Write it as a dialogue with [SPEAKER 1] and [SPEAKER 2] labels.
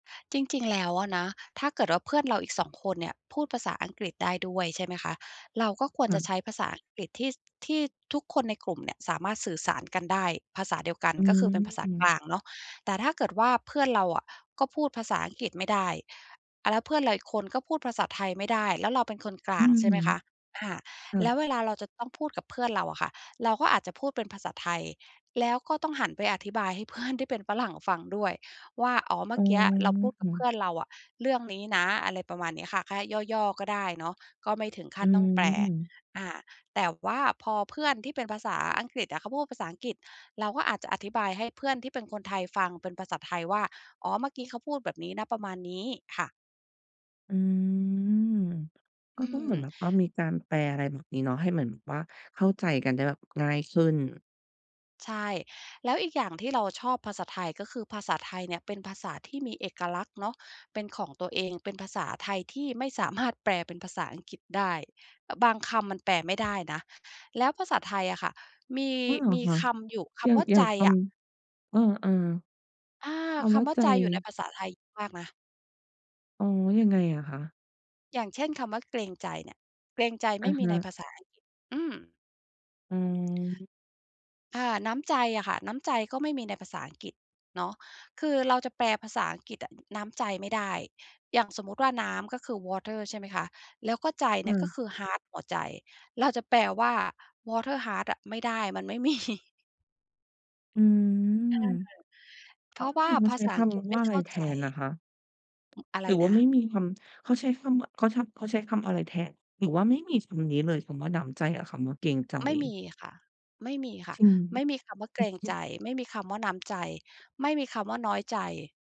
[SPEAKER 1] จริง ๆ แล้วอะนะ ถ้าเกิดว่าเพื่อนเราอีก 2 คนเนี่ย พูดภาษาอังกฤษได้ด้วย ใช่ไหมคะ เราก็คว
[SPEAKER 2] ค
[SPEAKER 1] ร
[SPEAKER 2] ่
[SPEAKER 1] จะใช
[SPEAKER 2] ะ
[SPEAKER 1] ้ภาษาอังกฤษที่ ส ที่ทุกคนในกลุ่มเนี่ยสามารถสื่อสารกันได้ ภาษาเดียวกัน
[SPEAKER 2] อื
[SPEAKER 1] ก็คือเป็นภาษากล
[SPEAKER 2] ม
[SPEAKER 1] างเนาะ แต่ถ้าเกิดว่าเพื่อนเราอะก็พูดภาษาอังกฤษไม่ได้ อา แล้วเพื่อนเราอีกคนก็พูดภาษาไทยไม่ได้ แล้วเราเป็นคนกล
[SPEAKER 2] อื
[SPEAKER 1] าง
[SPEAKER 2] ม
[SPEAKER 1] ใช่ไหมคะ อา
[SPEAKER 2] เอ
[SPEAKER 1] แล
[SPEAKER 2] อ
[SPEAKER 1] ้วเวลาเราจะต้องพูดกับเพื่อนเราอะค่ะ เราก็อาจจะพูดเป็นภาษาไทย แล้วก็ต้องหันไปอธิบายให้เพื่อนที่เป็นฝรั่งฟังด้วย ว่า "อ๋อ เมื
[SPEAKER 2] อ
[SPEAKER 1] ่
[SPEAKER 2] ๋
[SPEAKER 1] อกี้เราพูดกับเพ
[SPEAKER 2] อ
[SPEAKER 1] ื่อนเราอะ เรื่องนี้นะ" อะไรประมาณนี้ค่ะ แค่ย่อ ๆ ก็ได้เนาะ ก็ไม่ถึงขั
[SPEAKER 2] อ
[SPEAKER 1] ้
[SPEAKER 2] ื
[SPEAKER 1] นต้องแปล
[SPEAKER 2] ม
[SPEAKER 1] อา แต่ว่าพอเพื่อนที่เป็นภาษาอังกฤษอะเขาพูดภาษาอังกฤษ เราก็อาจจะอธิบายให้เพื่อนที่เป็นคนไทยฟังเป็นภาษาไทยว่า "อ๋อ เมื่อกี้เขาพูดแบบนี้นะ ประมาณนี้" ค่ะ
[SPEAKER 2] อืม ก็
[SPEAKER 1] อื
[SPEAKER 2] ต้องเหมือน
[SPEAKER 1] ม
[SPEAKER 2] แบบว่ามีการแปล อะไรแบบนี้เนาะ ให้เหมือนแบบว่าเข้าใจกันได้แบบง่ายขึ้น
[SPEAKER 1] ใช่ แล้วอีกอย่างที่เราชอบภาษาไทย ก็คือภาษาไทยเนี่ยเป็นภาษาที่มีเอกลักษณ์เนาะเป็นของตัวเอง เป็นภาษาไทยที่ไม่สามารถแปลเป็นภาษาอังกฤษได้ อ บางคำมันแปลไม่ ได้นะ แล้วภาษาไทยอะค่ะมี
[SPEAKER 2] อ้อ เหรอ
[SPEAKER 1] มี
[SPEAKER 2] คะ?
[SPEAKER 1] คำอยู่ ค
[SPEAKER 2] อย่า
[SPEAKER 1] ำ
[SPEAKER 2] ง
[SPEAKER 1] ว่า
[SPEAKER 2] อย่
[SPEAKER 1] ใ
[SPEAKER 2] า
[SPEAKER 1] จ
[SPEAKER 2] งค
[SPEAKER 1] อะ
[SPEAKER 2] ำ เออ
[SPEAKER 1] อา
[SPEAKER 2] ๆ ค
[SPEAKER 1] ค
[SPEAKER 2] ำว่า
[SPEAKER 1] ำว่า
[SPEAKER 2] ใจ
[SPEAKER 1] ใจอยู่ในภาษาไทยเยอะมากนะ
[SPEAKER 2] อ๋อ ยังไงอะคะ?
[SPEAKER 1] อย่างเช่น คำว่าเกรงใจเนี่ย เกรงใจไ
[SPEAKER 2] อ
[SPEAKER 1] ม่
[SPEAKER 2] ะ
[SPEAKER 1] มี
[SPEAKER 2] ฮ
[SPEAKER 1] ใน
[SPEAKER 2] ะ
[SPEAKER 1] ภาษาอังกฤษ อืม
[SPEAKER 2] อืม
[SPEAKER 1] อา น้ำใจอะค่ะ น้ำใจก็ไม่มีในภาษาอังกฤษเนาะ คือเราจะแปลภาษาอังกฤษอะน้ำใจไม่ได้ อย่างสมมติว่าน้ำ ก็คือ Water ใช่ไหมคะ แล้วก็ใจ
[SPEAKER 2] อื
[SPEAKER 1] ก็
[SPEAKER 2] ม
[SPEAKER 1] คือ ฮาร์ต หัวใจ เราจะแปลว่า "Water ฮาร์ต" อะไม่ได้ มันไม่ มี
[SPEAKER 2] อืม
[SPEAKER 1] เออ เพ
[SPEAKER 2] อ๋อ
[SPEAKER 1] ราะ
[SPEAKER 2] ไ
[SPEAKER 1] ว
[SPEAKER 2] ด้
[SPEAKER 1] ่า
[SPEAKER 2] ยินเข
[SPEAKER 1] ภ
[SPEAKER 2] า
[SPEAKER 1] า
[SPEAKER 2] ใช้
[SPEAKER 1] ษา
[SPEAKER 2] ค
[SPEAKER 1] อังกฤษไ
[SPEAKER 2] ำ
[SPEAKER 1] ม
[SPEAKER 2] ว
[SPEAKER 1] ่
[SPEAKER 2] ่าอะ
[SPEAKER 1] เ
[SPEAKER 2] ไ
[SPEAKER 1] ข
[SPEAKER 2] ร
[SPEAKER 1] ้า
[SPEAKER 2] แท
[SPEAKER 1] ใจ
[SPEAKER 2] นนะคะ
[SPEAKER 1] อ อะไร
[SPEAKER 2] หรือว่
[SPEAKER 1] น
[SPEAKER 2] า
[SPEAKER 1] ะ?
[SPEAKER 2] ไม่มีคำ เขาใช้คำว่า เขา ช เขาใช้คำอะไรแทน หรือว่าไม่มีคำนี้เลย คำว่าน้ำใจ กับคำว่าเกรงใจ?
[SPEAKER 1] ไม่มีค่ะ ไม่มีค่ะ
[SPEAKER 2] จริง
[SPEAKER 1] ไม่มีคำว่าเก
[SPEAKER 2] อื
[SPEAKER 1] ร
[SPEAKER 2] อ
[SPEAKER 1] ง
[SPEAKER 2] ฮ
[SPEAKER 1] ใจ
[SPEAKER 2] ึ
[SPEAKER 1] ไม่มีคำว่าน้ำใจ ไม่มีคำว่าน้อยใจ